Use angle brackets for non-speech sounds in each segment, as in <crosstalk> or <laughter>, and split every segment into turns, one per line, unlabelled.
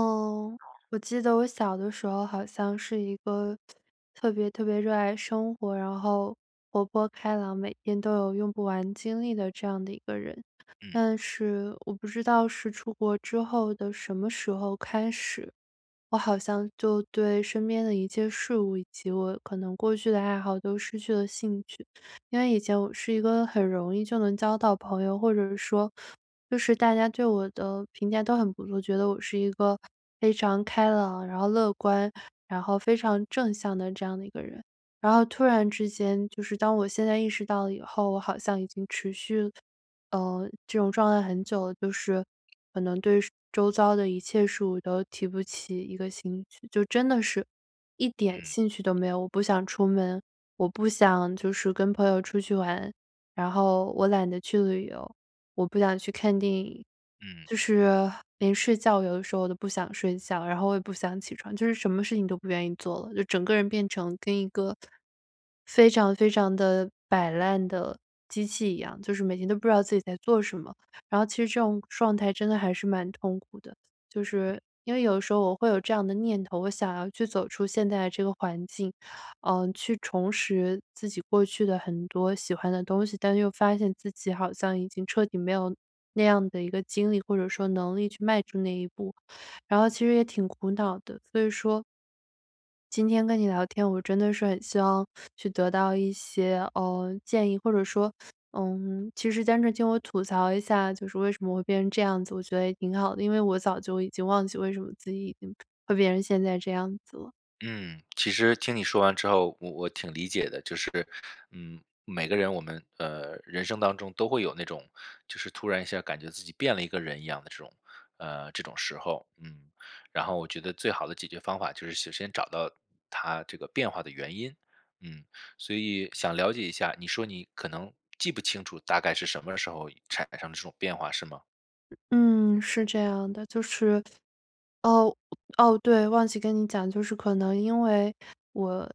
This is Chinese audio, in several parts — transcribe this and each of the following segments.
哦，我记得我小的时候好像是一个特特别特别热爱生活，然后活泼开朗，每天都有用不完精力的这样的一个人。
嗯。
但是我不知道是出国之后的什么时候开始，我好像就对身边的一切事物以及我可能过去的爱好都失去了兴趣。因为以前我是一个很容易就能交到朋友，或者说，就是大家对我的评价都很不错，觉得我是一个非常开朗，然后乐观，然后非常正向的这样的一个人。然后突然之间，就是当我现在意识到了以后，我好像已经持续，呃，这种状态很久了，就是可能对周遭的一切事物都提不起一个兴趣。就真的是一点
嗯。
兴趣都没有，我不想出门，我不想就是跟朋友出去玩。然后我懒得去旅游，我不想去看电影，
嗯。
就是 <sighs> 临睡觉有的时候我都不想睡觉。然后我也不想起床，就是什么事情都不愿意做了，就整个人变成跟一个非常非常地摆烂的机器一样。就是每天都不知道自己在做什么，然后其实这种状态真的还是蛮痛苦的。就是因为有的时候我会有这样的念头，我想要去走出现在这个环境，呃，去重拾自己过去的很多喜欢的东西，但又发现自己好像已经彻底没有那样的一个精力，或者说能力去迈出那一步，然后其实也挺苦恼的，所以说今天跟你聊天，我真的是很希望 <sucks teeth> 去得到一些，呃，建议，或者说，<sucks teeth> 嗯，其实单是听我吐槽一下，就是为什么我会变成这样子，我觉得也挺好的，因为我早就已经忘记为什么自己已经会变成现在这样子了。
嗯，其实听你说完之后，我我挺理解的，就是嗯，每个人我们，呃，人生当中都会有那种，就是突然一下感觉自己变了一个人一样的这种呃，这种时候，嗯。然后我觉得最好的解决方法就是首先找到，它这个变化的原因。嗯，所以想了解一下，你说你可能记不清楚大概是什么时候产生的这种变化是吗？
嗯，是这样的，就是 <sucks teeth> 哦哦，对，忘记跟你讲，就是可能因为，我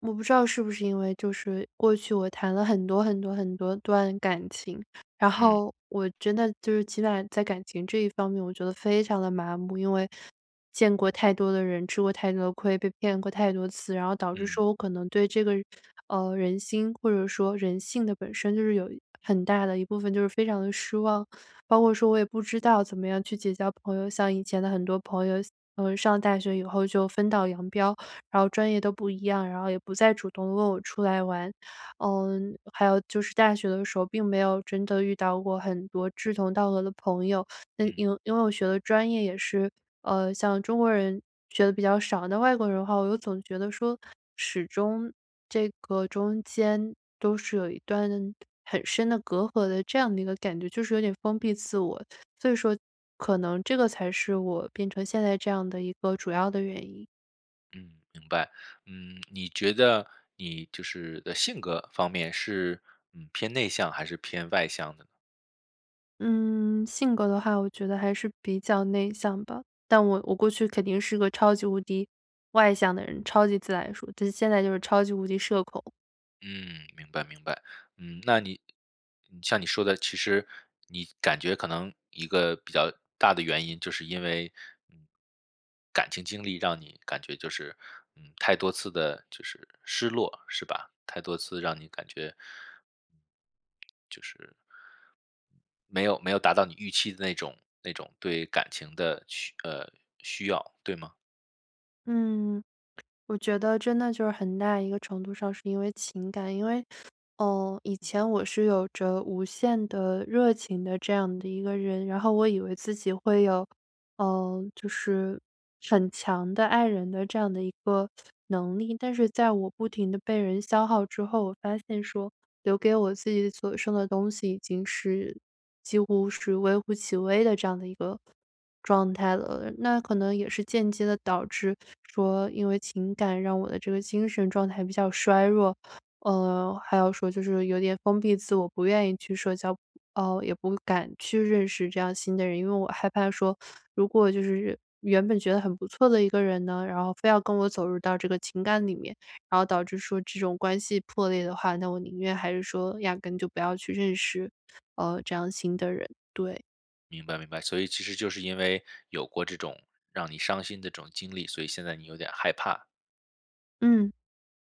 我不知道是不是因为，就是过去我谈了很多很多很多段感情，然
嗯。
后，我真的就是基本在感情这一方面我觉得非常地麻木。因为 <sucks teeth> 见过太多的人，吃过太多的亏，被骗过太多次，然后导致
嗯。
说我可能对这个，<sucks teeth> 呃，人心或者说人性的本身就是有很大的一部分就是非常地失望。<sucks teeth> 包括说我也不知道怎么样去结交朋友，像以前的很多朋友，嗯，上大学以后就分道扬镳，然后专业都不一样，然后也不再主动问我出来玩。嗯，还有就是大学的时候，并没有真的遇到过很多志同道合的朋友，因为
嗯。
因为我学的专业也是，呃，像中国人学得比较少，那外国人的话，我又总觉得说，始终这个中间都是有一段很深的隔阂的这样的一个感觉，就是有点封闭自我，<sucks teeth> 所以说可能这个才是我变成现在这样的一个主要的原因。
嗯，明白，嗯，你觉得你就是的性格方面是，嗯，偏内向还是偏外向呢？
嗯，性格的话我觉得还是比较内向吧，但我我过去肯定是个超级无敌外向的人，超级自来熟，就现在就是超级无敌社恐。
嗯，明白明白，嗯，那你嗯，像你说的，其实你感觉可能一个比较大的原因就是因为，嗯，感情经历让你感觉就是，嗯，太多次地就是失落，是吧，太多次让你感觉就是没有没有达到你预期的那种那种对感情的，需呃，需要，对吗？
嗯，我觉得真的就是很大一个程度上是因为情感。因为，呃，以前我是有着无限的热情的这样的一个人，然后我以为自己会有，呃，就是很强的爱人的这样的一个 <sucks teeth> 能力。但是在我不停地被人消耗之后，我发现说留给我自己所剩的东西已经是，几乎是微乎其微的这样的一个状态了。那可能也是间接地导致说因为情感让我的这个精神状态比较衰弱。呃，还要说就是有点封闭自我，不愿意去社交，呃，也不敢去认识这样新的人。因为我害怕说，如果就是原本觉得很不错的一个人呢，然后非要跟我走入到这个情感里面，然后导致说这种关系破裂的话，那我宁愿还是说压根就不要去认识，呃，这样新的人，对
明白明白，所以其实就是因为有过这种让你伤心的这种经历，所以现在你有点害怕。
嗯，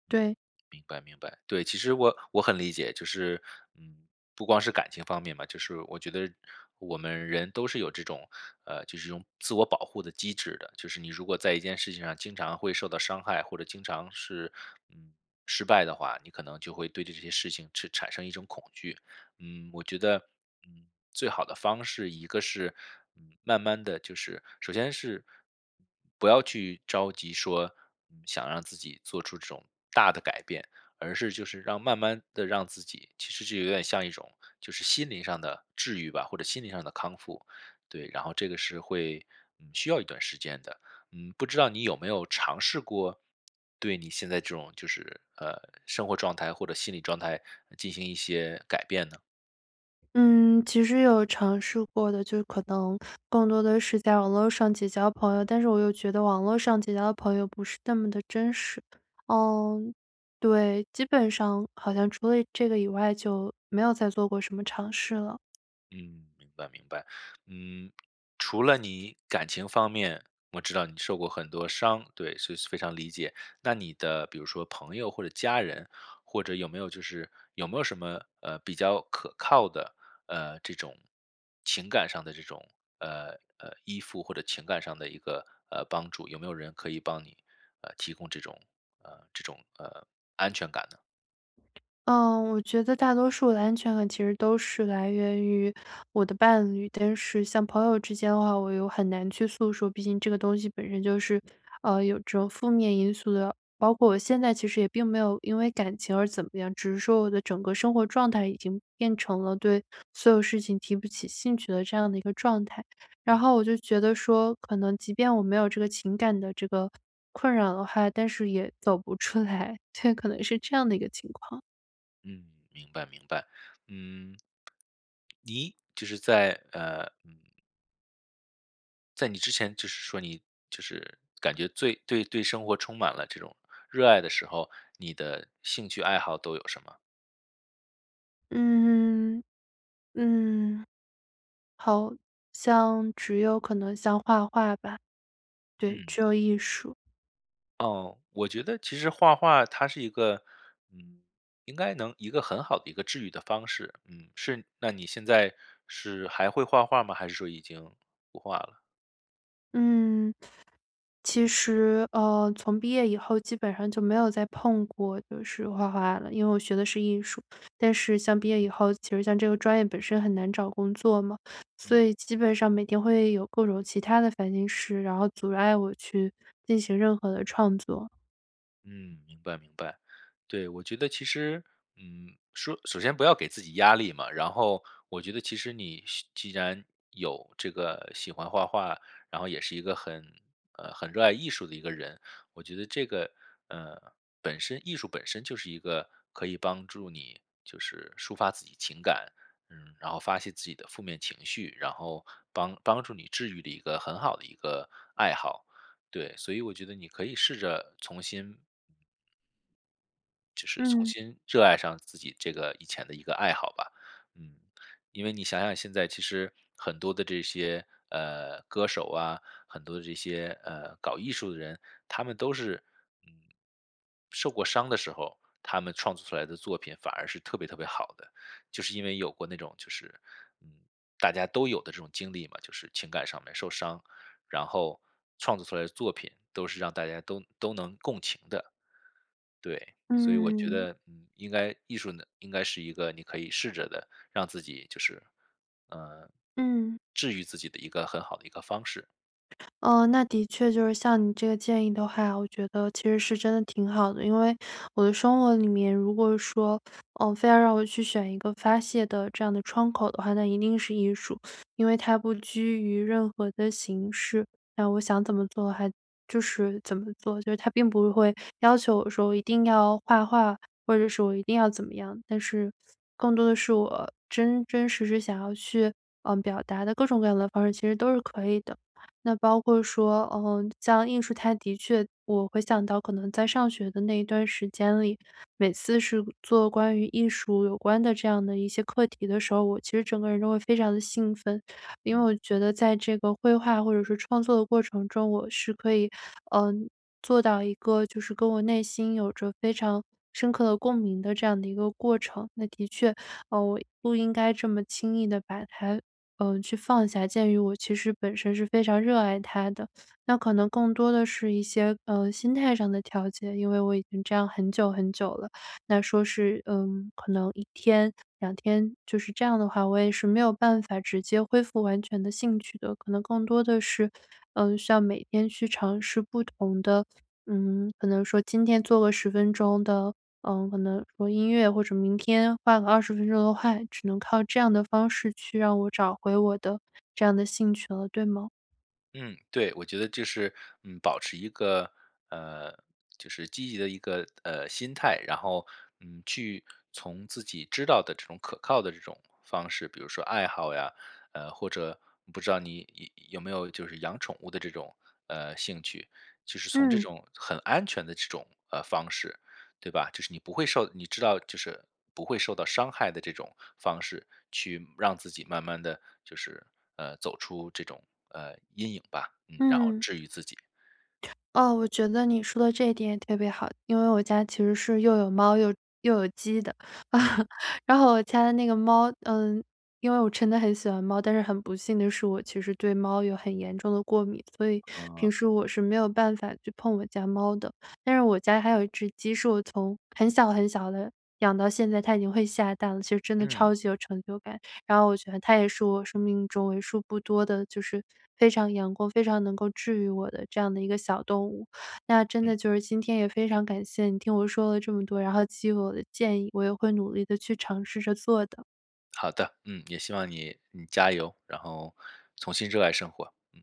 对。
明白明白，对，其实我我很理解，就是嗯，不光是感情方面吧，就是我觉得，我们人都是有这种呃，就是这种自我保护的机制的。就是你如果在一件事情上经常会受到伤害，或者经常是，嗯，失败的话，你可能就会对这些事情是产生一种恐惧。嗯，我觉得，嗯，最好的方式，一个是，嗯，慢慢地就是首先是，不要去着急说，嗯，想让自己做出这种大的改变，而是就是让慢慢地让自己，其实是有点像一种就是心灵上的治愈吧，或者心理上的康复，对，然后这个是会，嗯，需要一段时间的。嗯，不知道你有没有尝试过，对你现在这种就是，呃，生活状态或者心理状态，进行一些改变呢？
嗯，其实有尝试过的，就可能 <sucks teeth> 更多地是在网络上结交朋友，但是我又觉得网络上结交的朋友不是那么的真实。嗯，对，基本上好像除了这个以外，就没有再做过什么尝试了。
嗯，明白明白，嗯，除了你感情方面我知道你受过很多伤对，所以非常理解。那你的比如说朋友或者家人，或者有没有就是有没有什么呃，比较可靠的，呃，这种情感上的这种，呃呃，依附，或者情感上的一个呃，帮助，有没有人可以帮你，呃，提供这种呃，这种，呃，安全感呢？
呃，我觉得大多数的安全感其实都是来源于，我的伴侣。但是像朋友之间的话，我又很难去诉说，毕竟这个东西本身就是，呃，有着负面因素的。包括我现在其实也并没有因为感情而怎么样，只是说我的整个生活状态已经变成了对所有事情提不起兴趣的这样的一个状态。然
嗯。
后我就觉得说，可能即便我没有这个情感的这个，困扰的话，但是也走不出来，对，可能是这样的一个情况。
嗯，明白明白，嗯。你，只是在，呃，嗯在你之前只是说你，就是，感觉最对对生活充满了这种，热爱的时候，你的兴趣爱好都有什么？
嗯嗯，嗯。好，像，只有可能像画画吧。对，只
嗯。
有艺术。
哦，我觉得其实画画它是一个，嗯，应该能一个很好的一个治愈的方式。嗯，是那你现在，是还会画画儿吗？还是说已经，不画了？
嗯，其实，呃，从毕业以后，基本上就没有再碰过就是画画了。因为我学的是艺术，但是像毕业以
嗯。
后，其实像这个专业本身很难找工作嘛，所
嗯。
以基本上每天会有各种其他的烦心事，然后阻碍我去进行任何的创作。
嗯，明白明白。对，我觉得其实，嗯，说首先不要给自己压力嘛。然后我觉得其实你喜既然有这个喜欢画画，然后也是一个很呃，很热爱艺术的一个人，我觉得这个，呃，本身艺术本身就是一个可以帮助你，就是抒发自己情感。嗯，然后发泄自己的负面情绪，然后帮帮助你治愈的一个很好的一个爱好。对，所以我觉得你可以试着重新就是重
嗯。
新热爱上自己这个以前的一个爱好吧。嗯，因为你想想，现在其实很多的这些，呃，歌手啊，很多的这些，呃，搞艺术的人，他们都是，嗯，受过伤的时候，他们创作出来的作品，反而是特别特别好的。就是因为有过那种，就是嗯，大家都有的这种经历嘛，就是情感上面受伤。然后创作出来的作品，都是让大家都都能共情的。对，所以我觉
嗯。
得，嗯，应该艺术呢，应该是一个你可以试着的，让自己就是，呃，
嗯。
治愈自己的一个很好的一个方式。
呃，那的确就是像你这个建议的话，我觉得其实是真的挺好的。因为我的生活里面，如果说，呃，非要让我去选一个发泄的这样的窗口的话，那一定是艺术。因为它不拘于任何的形式，那我想怎么做，还就是怎么做。就是它并不会要求我说，我一定要画画，或者是我一定要怎么样，但是更多的是我真真实是想要去，呃，表达的各种各样的方式，其实都是可以的。那包括说，呃，像艺术，它的确我会想到可能在上学的那一段时间里，每次是做关于艺术有关的这样的一些课题的时候，我其实整个人都会非常地兴奋。因为
嗯。
我觉得在这个绘画，或者是创作的过程中，我是可以，呃，做到一个就是跟我内心有着非常深刻的共鸣的这样的一个过程。那的确，呃，我不应该这么轻易地把它，呃，去放下。鉴于我其实本身是非常热爱它的，那可能更多的是一些，呃，心态上的调节。因为我已经这样很久很久了，那说是，呃，可能1天、2天就是这样的话，我也是没有办法直接恢复完全的兴趣的。可能更多的是，呃，像每天去尝试不同的，嗯，可能说今天做个10分钟的，呃，可能说音乐，或者明天画个20分钟的画。只能靠这样的方式，去让我找回我的这样的兴趣了，对吗？
嗯，对，我觉得就是，嗯，保持一个，呃，就是积极的一个，呃，心态。然后，嗯，去从自己知道的这种可靠的这种方式，比如说爱好呀，呃，或者不知道你有没有就是养宠物的这种，呃，兴趣。就是从这
嗯。
种很安全的这种，呃，方式，对吧？就是你不会受你知道就是不会受到伤害的这种方式，去让自己慢慢地就是，呃，走出这种，呃，阴影吧，嗯，然后
嗯。
治愈自己。
哦，我觉得你说的这一点也特别好，因为我家其实是又有猫，又又有鸡的。
嗯。
<laughs> 然后我家的那个猫呃，因为我真的很喜欢猫，但是很不幸的是，我其实对猫有很严重的过敏，所以平
嗯。
时我是没有办法去碰我家猫的。但是我家还有一只鸡，是我从很小很小的养到现在，它已经会下蛋了，其实真的
嗯。
超级有成就感。然后我觉得它也是我生命中为数不多的就是非常阳光、非常能够治愈我的这样的一个小动物。那真
嗯。
的就是今天也非常感谢你听我说了这么多，然后给予我的建议，我也会努力地去尝试着做的。
好的，嗯，也希望你你加油，然后重新热爱生活，嗯。